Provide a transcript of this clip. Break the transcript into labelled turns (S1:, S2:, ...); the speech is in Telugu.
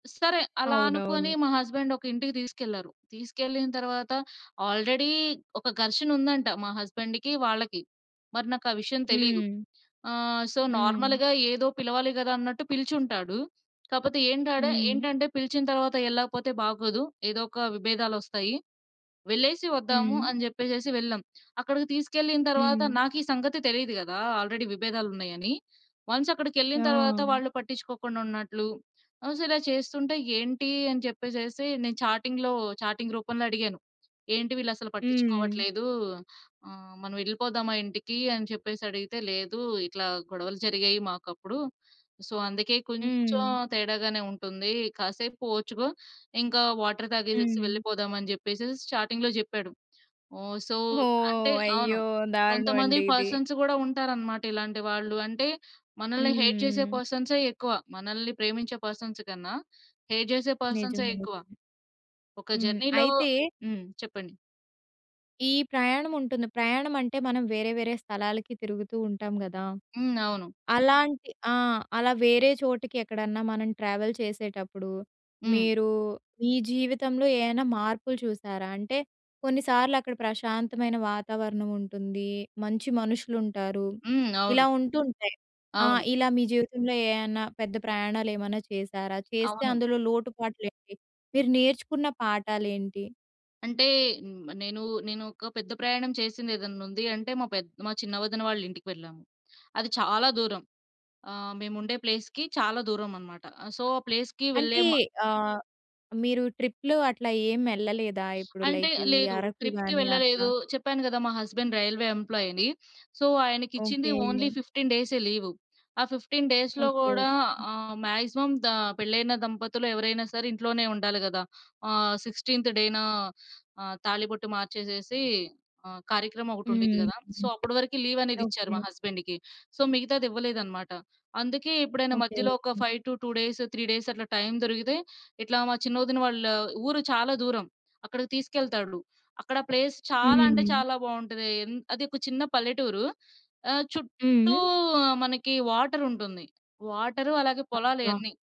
S1: స్ సరే. అలా
S2: అవునవును.
S1: అనుకోని మా హస్బండొక ఇంటికి తీసుకెళ్లారు, తీసుకెళ్ళిన తర్వాత, ఆల్రెడీ ఒక ఘర్షణుందంట, మా హస్బండ్‌కి, వాళ్ళకి. మరి నాకా విషయం తెలీదు.
S2: హ్మ్.
S1: ఆహ్, సో,
S2: హ్మ్.
S1: నార్మల్‌గా ఏదో పిలవాలి గదా! అన్నట్టు పిలిచుంటాడు. కాపోతే ఏంటాడా
S2: హ్మ్.
S1: ఏంటంటే, పిలిచిన తర్వాత ఎళ్ళకపోతే బాగోదు, ఏదోక విభేదాలొస్తాయి, వెళ్ళేసి వద్దాము
S2: హ్మ్.
S1: అని జెప్పేసేసి వెళ్ళాం. అక్కడికి తీసుకెళ్ళిన తర్వాత,
S2: హ్మ్.
S1: నాకీ సంగతి తెలీదు గదా! ఆల్రెడీ విభేదాలున్నాయని. వన్స్ అక్కడికెళ్ళిన తరవాత,
S2: ఆ!
S1: వాళ్ళు పట్టించుకోకుండా ఉన్నట్లు, అసల చేస్తుంటే, ఏంటి అని చెప్పేసేసి నేను చాటింగ్‌లో చాటింగ్ రూపంలో అడిగాను. "ఏంటి వీళ్ళసలు
S2: హ్మ్.
S1: పట్టించుకోవట్లేదు? ఆహ్, మనం ఎళ్ళిపోదామా ఇంటికీ?" అని చెప్పేసడిగితే, "లేదు, ఇట్లా గొడవలు జరిగాయి మాకప్పుడు, సో, అందుకే కొంచం
S2: హ్మ్.
S1: తేడాగానే ఉంటుందీ. కాసేపు ఓర్చుకో, ఇంకా వాటర్ తాగేసేసి
S2: హ్మ్.
S1: వెళ్ళిపోదాం." అని జెప్పేసి చాటింగ్‌లో జెప్పాడు. హ్మ్. సో,
S2: ఓహ్!
S1: అంటే అవును.
S2: అయ్యో!
S1: కొంతమంది
S2: దారుణమండి ఇది.
S1: పర్సన్స్ గూడా ఉంటారనమాట ఇలాంటి వాళ్ళు. అంటే, మనల్ని హేట్ చేసే
S2: హ్మ్.
S1: పర్సన్సే ఎక్కువ, మనల్ని ప్రేమించే పర్సన్స్ కన్నా, హేట్ జేసే
S2: నిజం
S1: పర్సన్సే
S2: అండి.
S1: ఎక్కువ. ఒక
S2: హ్మ్.
S1: జర్నీ‌లో
S2: అయితే...
S1: హ్మ్. చెప్పండి.
S2: ఈ ప్రయాణముంటుంది. ప్రయాణమంటే, మనం వేరే వేరే స్థలాలకి తిరుగుతూ ఉంటాం గదా!
S1: హ్మ్. అవును.
S2: అలాంటి ఆ! అలా వేరే చోటికి ఎక్కడన్నా మనం ట్రావెల్ చేసేటప్పుడూ,
S1: హ్మ్.
S2: మీరూ, మీ జీవితంలో ఏయైనా మార్పులు చూసారా? అంటే, కొన్నిసార్లక్కడ ప్రశాంతమైన వాతావరణం ఉంటుందీ, మంచి మనుషులుంటారు,
S1: హ్మ్. అవును.
S2: ఇలా ఉంటుంటాయి. ఆ!
S1: అవును.
S2: ఇలా మీ జీవితంలో ఏయన్నా, పెద్ద ప్రయాణాలేమన్నా చేశారా? చేస్తే
S1: అవును.
S2: అందులో లోటుపాట్లేంటి? మీరు నేర్చుకున్న పాఠాలేంటి?
S1: అంటే, హ్మ్. నేనూ నేనొక పెద్ద ప్రయాణం చేసింది ఏదన్నుంది అంటే, మా పెద్ మా చిన్న వదిన వాళ్ళింటికెళ్ళాము. అది చాలా దూరం. ఆహ్, మేముండే ప్లేస్‌కి, చాలా దూరమనమాట. ఆహ్, సో, ఆ ప్లేస్‌కి వెళ్ళే
S2: అంటే,
S1: మా
S2: ఆహ్, మీరు ట్రిప్లు అట్లా ఏం ఎళ్ళలేదా? ఇప్పుడు
S1: అంటే,
S2: లైక్
S1: ఆహ్,
S2: ఈ
S1: లేదు.
S2: అరకు
S1: ట్రిప్‌కి
S2: గానీ అట్లా.
S1: వెళ్ళలేదు, చెప్పాను గదా! మా హస్బండ్ రైల్వే ఎంప్లాయని. సో, ఆయనికిచ్చింది,
S2: ఓకే.
S1: ఓన్లీ 15 డేసే లీవు. ఆ 15 డేస్‌లో
S2: ఓకే.
S1: గూడా
S2: ఓకే.
S1: ఆహ్, మాక్సిమం దా పెళ్లయిన దంపతులు ఎవరైనా సరే, ఇంట్లోనే ఉండాలి గదా! ఆహ్, 16థ్ డేనా, ఆహ్, తాళిబొట్టు మార్చేసేసి, ఆహ్, కార్యక్రమం ఒకటుండిద్ది
S2: హ్మ్.
S1: గదా! సో, అప్పుడి వరకీ లీవనేదిచ్చారు
S2: ఓకే.
S1: మా హస్బెండ్‌కి. సో, మిగతాదివ్వలేదనమాట. అందుకే ఎప్పుడైనా
S2: ఓకే.
S1: మధ్యలో ఒక
S2: ఓకే.
S1: 5-2 డేస్, 3 డేసట్లా టైం దొరికితే, ఇట్లా మా చిన్న ఒదిన వాళ్ళ ఊరు చాలా దూరం, అక్కడికి తీసుకెళ్తాడులు. అక్కడ ప్లేస్ చాలా అంటే
S2: హ్మ్.
S1: చాలా బావుంటది. ఎన్ అదొక చిన్న పల్లెటూరు, ఆహ్, చుట్టూ
S2: హ్మ్.
S1: మనకి వాటరుంటుంది. వాటరు అలాగే పొలాలే
S2: అబ్బా!
S1: అన్నీ.